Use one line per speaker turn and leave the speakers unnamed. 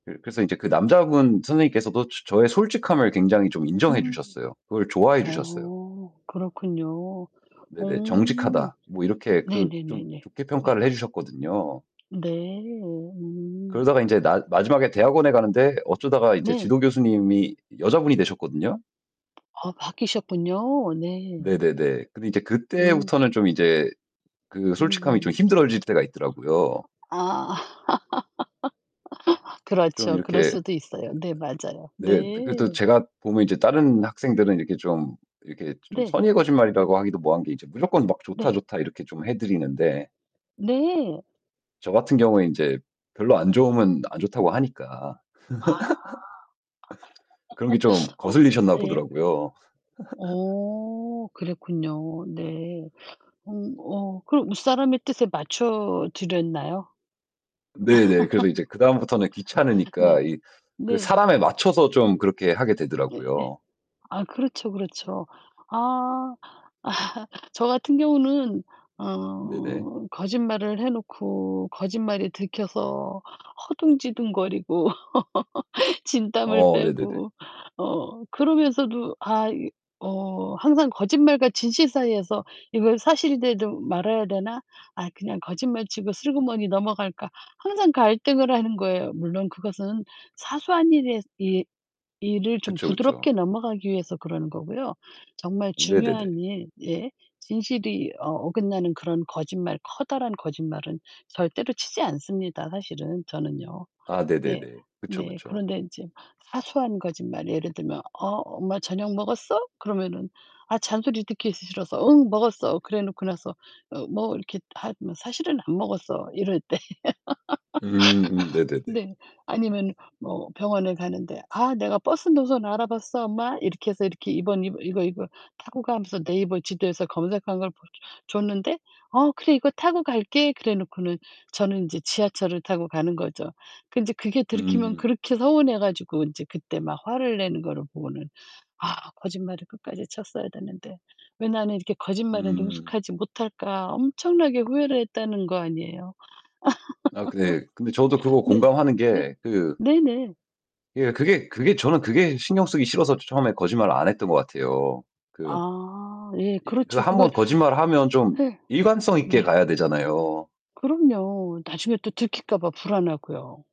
그 그래서 인제 그 남자분 선생님께서도 저 저의 솔직함을 굉장히 좀 인정해
음.
주셨어요. 그걸 좋아해 주셨어요.
어. 그렇군요.
네네.
어.
"정직하다." 뭐 이렇게 그 좀
네네네네.
좋게
네.
평가를 해 주셨거든요.
네. 음.
그러다가 인제 나 마지막에 대학원에 가는데 어쩌다가 인제
네.
지도 교수님이 여자분이 되셨거든요.
아 바뀌셨군요. 네.
네네네. 근데 이제
음.
그때부터는 좀 이제 그 솔직함이 좀
음.
힘들어질 때가 있더라고요.
아.
좀
그렇죠. 그럴
이렇게
수도 있어요. 네. 맞아요. 네.
[unintelligible] 네. 그래도 제가 보면 이제 다른 학생들은 이렇게 좀 이렇게 좀
네.
선의의 거짓말이라고 하기도 뭐한 게 이제 무조건 막 "좋다,
네.
좋다." 이렇게 좀 해 드리는데
네.
저 같은 경우에 인제 별로 안 좋으면 안 좋다고 하니까.
아.
그런 게 좀
어.
거슬리셨나
예.
보더라고요.
어. 그랬군요. 네. 음. 어 그럼 윗사람의 뜻에 맞춰드렸나요?
네네. 그래서 이제 그다음부터는
네.
귀찮으니까 이 그
네.
사람에 맞춰서 좀 그렇게 하게
네. 예.
되더라고요.
아 그렇죠, 그렇죠. 아. 저 같은 경우는
네네.
어 거짓말을 해 놓고 거짓말이 들켜서 허둥지둥거리고 진땀을
어 네네네.
빼고 어 그러면서도 아 이 어 항상 거짓말과 진실 사이에서 '이거 사실이라도 말해야 되나? 아 그냥 거짓말치고 슬그머니 넘어갈까?' 항상 갈등을 하는 거예요. 물론 그것은 사소한 일에 이 일을 좀
그쵸, 그쵸.
부드럽게 넘어가기 위해서 그러는 거고요. 정말
네
중요한
네네.
일 예 진실이 어 어긋나는 그런 거짓말, 커다란 거짓말은 절대로 치지 않습니다 사실은 저는요.
아
네.
네네네. 그쵸,
네.
그쵸.
그런데 인제 사소한 거짓말 예를 들면 어 "엄마 저녁 먹었어?" 그러면은 아 잔소리 듣기 싫어서 "응, 먹었어." 그래 놓고 나서 어 뭐 이렇게 하면 "사실은 안 먹었어." 이럴 때.
음. 음 네네네.
네. 아니면 뭐 병원에 가는데 "아 내가 버스 노선 알아봤어, 엄마." 이렇게 해서 이렇게 이번, 이번 이거, 이거 타고 가 하면서 네이버 지도에서 검색한 걸 보여줘 줬는데 "아 그래 이거 타고 갈게." 그래 놓고는 저는 인제 지하철을 타고 가는 거죠. 그 인제 그게 들키면
음.
그렇게 서운해 가지고 인제 그때 막 화를 내는 거를 보고는 '아 거짓말을 끝까지 쳤어야 됐는데 왜 나는 이렇게 거짓말에
음.
능숙하지 못할까?' 엄청나게 후회를 했다는 거 아니에요.
아 그 네. 근데 저도 그거
네.
공감하는
네?
게 그
네네.
예. 그게, 그게 저는 그게 신경 쓰기 싫어서 처음에 거짓말을 안 했던 것 같아요. 그
아. 예.
이 그
그렇죠.
1
그걸
번 거짓말 하면 좀
예.
일관성 있게
네.
가야 되잖아요.
그럼요. 나중에 또 들킬까 봐 불안하고요.